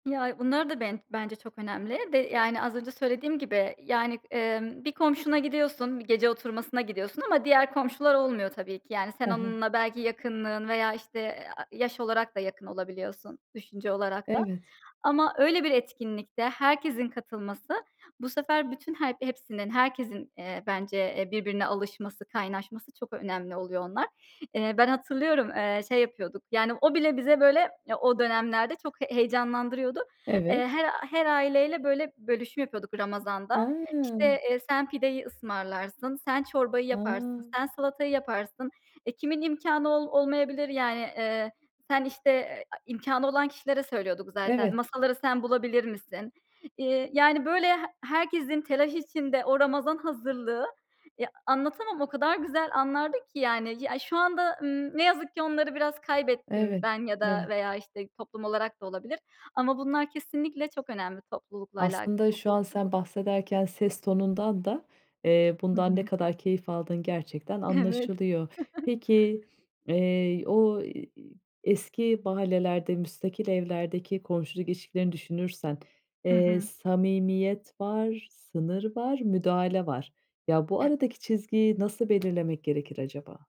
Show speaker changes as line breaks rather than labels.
Ya, bunlar da ben bence çok önemli ve, yani, az önce söylediğim gibi, yani, eee, bir komşuna gidiyorsun, bir gece oturmasına gidiyorsun ama diğer komşular olmuyor tabii ki. Yani, sen
Hı hı.
onunla belki yakınlığın veya, işte, aaa, yaş olarak da yakın olabiliyorsun, düşünce olarak da.
Evet.
Ama öyle bir etkinlikte herkesin katılması, bu sefer bütün her hepsinin, herkesin, eee, bence, eee, birbirine alışması, kaynaşması çok önemli oluyor onlar. Eee, ben hatırlıyorum, eee şey yapıyorduk, yani, o bile bize, böyle, ya, o dönemlerde çok heyecanlandırıyordu.
Evet.
Eee, her her aileyle, böyle, bölüşüm yapıyorduk Ramazan'da. İşte,
A!
eee, sen pideyi ısmarlarsın, sen çorbayı
A!
yaparsın, sen salatayı yaparsın. E, kimin imkânı ol olmayabilir, yani. Eee, sen, işte eee, imkânı olan kişilere söylüyorduk zaten.
Evet.
Masaları sen bulabilir misin? Eee, yani, böyle, he herkesin telaş içinde o Ramazan hazırlığı, eee, anlatamam o kadar güzel anlardı ki, yani. Ya, şu anda, ımm, ne yazık ki onları biraz kaybettim
Evet,
ben ya da
evet.
veya, işte, toplum olarak da olabilir. Ama bunlar kesinlikle çok önemli toplulukla
Aslında şu
alakalı.
an
[unintelligible]
sen bahsederken ses tonundan da, eee,
Hı
bundan ne
hı.
kadar keyif aldığın gerçekten
Evet.
anlaşılıyor. Peki, eee, o, eee, eski mahallelerde müstakil evlerdeki komşuluk ilişkilerini düşünürsen,
Hı
eee,
hı.
samimiyet var, sınır var, müdahale var. Ya, bu
Evet.
aradaki çizgiyi nasıl belirlemek gerekir acaba?